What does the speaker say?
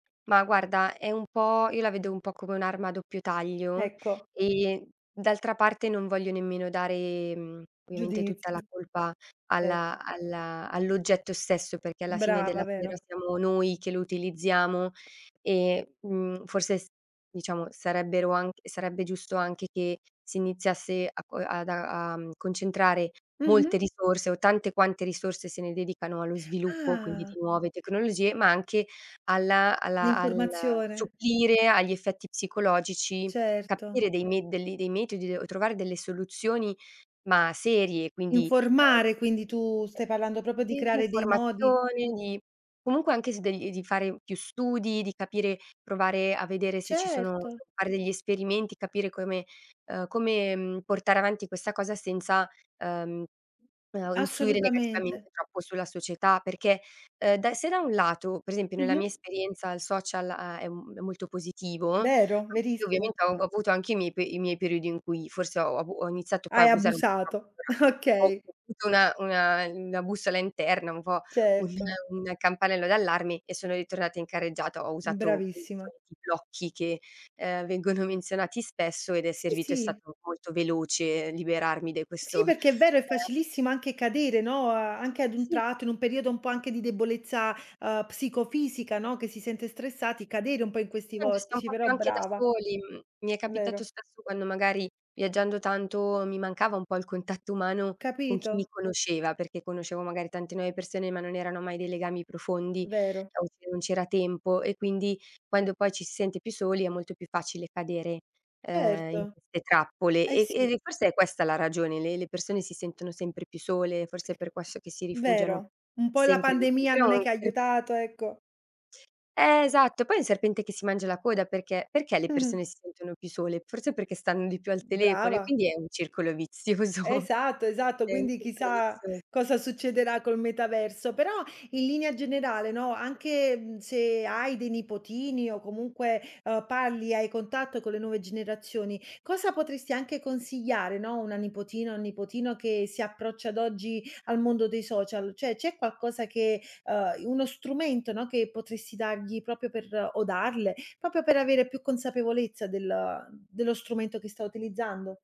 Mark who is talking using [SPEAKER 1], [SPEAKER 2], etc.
[SPEAKER 1] Ma guarda è un po' io la vedo un po' come un'arma a doppio taglio,
[SPEAKER 2] Ecco.
[SPEAKER 1] e d'altra parte non voglio nemmeno dare, mhmm, ovviamente tutta la
[SPEAKER 2] Giudizi.
[SPEAKER 1] colpa
[SPEAKER 2] Certo.
[SPEAKER 1] alla alla all'oggetto stesso, perché alla fine della
[SPEAKER 2] Brava,
[SPEAKER 1] fiera
[SPEAKER 2] vero?
[SPEAKER 1] siamo noi che lo utilizziamo e, mhmm, forse s diciamo sarebbero anch sarebbe giusto anche che si iniziasse a co ad a a, mhmm, concentrare
[SPEAKER 2] Mh-mh.
[SPEAKER 1] molte risorse o tante quante risorse se ne dedicano allo sviluppo, quindi
[SPEAKER 2] Ah.
[SPEAKER 1] di nuove tecnologie, ma anche alla alla al
[SPEAKER 2] L'informazione.
[SPEAKER 1] supplire agli effetti psicologici,
[SPEAKER 2] Certo.
[SPEAKER 1] capire dei med de li dei metodi, o trovare delle soluzioni, ma serie; quindi,
[SPEAKER 2] Informare,
[SPEAKER 1] uhm
[SPEAKER 2] quindi tu stai parlando proprio di
[SPEAKER 1] uhm, sì, di
[SPEAKER 2] creare dei modi
[SPEAKER 1] informazioni, di comunque anche s degl di fare più studi, di capire, provare a vedere se ci sono
[SPEAKER 2] Certo.
[SPEAKER 1] fare degli esperimenti, capire come uhm, come, mhmm, portare avanti questa cosa senza, uhm uhm, influire
[SPEAKER 2] Assolutamente.
[SPEAKER 1] negativamente troppo sulla società perché, uhm, da se da un lato, per esempio nella mia
[SPEAKER 2] Mh-mh.
[SPEAKER 1] esperienza il social ha è un è molto positivo,
[SPEAKER 2] Vero,
[SPEAKER 1] sì
[SPEAKER 2] verissimo.
[SPEAKER 1] ovviamente ho av avuto anche i miei pe i miei periodi in cui forse ho abu ho iniziato poi a
[SPEAKER 2] Hai
[SPEAKER 1] abusare un
[SPEAKER 2] abusato.
[SPEAKER 1] [unintelligible] ho
[SPEAKER 2] Okay.
[SPEAKER 1] avuto una una uhm, una bussola interna, un po' un
[SPEAKER 2] Certo.
[SPEAKER 1] un campanello d'allarme e sono ritornata in carreggiata. Ho usato i
[SPEAKER 2] Bravissima.
[SPEAKER 1] soliti blocchi che, uhm, vengono menzionati spesso ed è
[SPEAKER 2] Sì,
[SPEAKER 1] servito, è
[SPEAKER 2] sì.
[SPEAKER 1] stato molto veloce liberarmi dai questo,
[SPEAKER 2] Sì perché è vero, è
[SPEAKER 1] ehm
[SPEAKER 2] facilissimo anche cadere, no, uhm, anche ad un
[SPEAKER 1] Sì.
[SPEAKER 2] tratto, in un periodo un po' anche di debolezza, uhm, psicofisica, no, che si sente stressati, cadere un po' in questi
[SPEAKER 1] [unintelligible] sta un
[SPEAKER 2] vortici;
[SPEAKER 1] po'
[SPEAKER 2] però
[SPEAKER 1] più anche da
[SPEAKER 2] brava.
[SPEAKER 1] soli. Mhmm, mi è capitato
[SPEAKER 2] Vero.
[SPEAKER 1] spesso quando magari viaggiando tanto mi mancava un po' il contatto umano con chi mi
[SPEAKER 2] Capito.
[SPEAKER 1] conosceva, perché conoscevo magari tante nuove persone ma non erano mai dei legami profondi,
[SPEAKER 2] Vero.
[SPEAKER 1] o se non c'era tempo, e quindi quando poi ci si sente più soli, è molto più facile cadere, uhm, in
[SPEAKER 2] Certo.
[SPEAKER 1] queste trappole.
[SPEAKER 2] Eh
[SPEAKER 1] E e
[SPEAKER 2] sì.
[SPEAKER 1] e forse è questa la ragione: le le persone si sentono sempre più sole, forse è per questo che si rifugiano
[SPEAKER 2] Vero. Un po' la
[SPEAKER 1] sempre di più.
[SPEAKER 2] pandemia
[SPEAKER 1] Però
[SPEAKER 2] non è che
[SPEAKER 1] se
[SPEAKER 2] aiutato, ecco.
[SPEAKER 1] Eh esatto, poi è il serpente che si mangia la coda perché perché le
[SPEAKER 2] Mh-mh.
[SPEAKER 1] persone si sentono più sole? Forse perché stanno di più al telefono e
[SPEAKER 2] Brava.
[SPEAKER 1] quindi è un circolo vizioso.
[SPEAKER 2] Esatto, esatto,
[SPEAKER 1] È un
[SPEAKER 2] quindi
[SPEAKER 1] circolo
[SPEAKER 2] chissà
[SPEAKER 1] vizios
[SPEAKER 2] cosa succederà col metaverso. Però in linea generale, no, anche, mhmm, se hai dei nipotini o comunque, ehm, parli, hai contatto con le nuove generazioni, cosa potresti anche consigliare, no, a una nipotina, un nipotino che si approccia ad oggi al mondo dei social? Cioè, c'è qualcosa che, uhm, i uno strumento, no, che potresti dargli proprio per o darle, proprio per avere più consapevolezza del ehm, dello strumento che sta utilizzando?